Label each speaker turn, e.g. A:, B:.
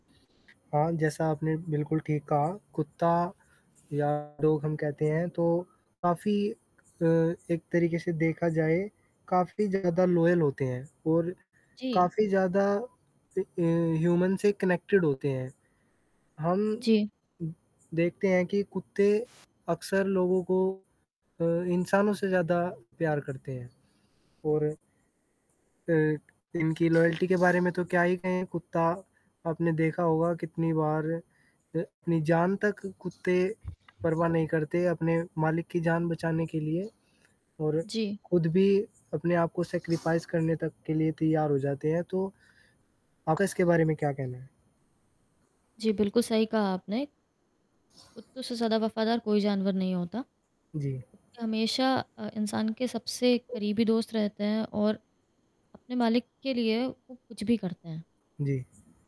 A: हाँ, जैसा आपने बिल्कुल ठीक कहा, कुत्ता या डॉग हम कहते हैं, तो काफ़ी क अ, एक तरीके से देखा जाए, काफ़ी ज़्यादा लॉयल होते हैं और
B: जी।
A: काफ़ी ज़्यादा अ अ, ह्यूमन से कनेक्टेड होते हैं। हम
B: जी।
A: उ देखते हैं कि कुत्ते अक्सर लोगों को अ, इंसानों से ज़्यादा प्यार करते हैं। और अ, इनकी लॉयल्टी के बारे में तो क्या ही कहें कुत्ता, आपने देखा होगा कितनी बार अ, अपनी जान तक कुत्ते परवाह नहीं करते अपने मालिक की जान बचाने के लिए। और
B: जी।
A: खुद भी अपने आप को सैक्रिफाइस करने तक के लिए तैयार हो जाते हैं। तो आपका इसके बारे में क्या कहना है?
B: जी, बिल्कुल सही कहा आपने। कुत्तों से ज़्यादा वफ़ादार कोई जानवर नहीं होता।
A: जी।
B: हमेशा अ, इंसान के सबसे एक करीबी दोस्त रहते हैं और अपने मालिक के लिए वो कुछ भी करते हैं।
A: जी।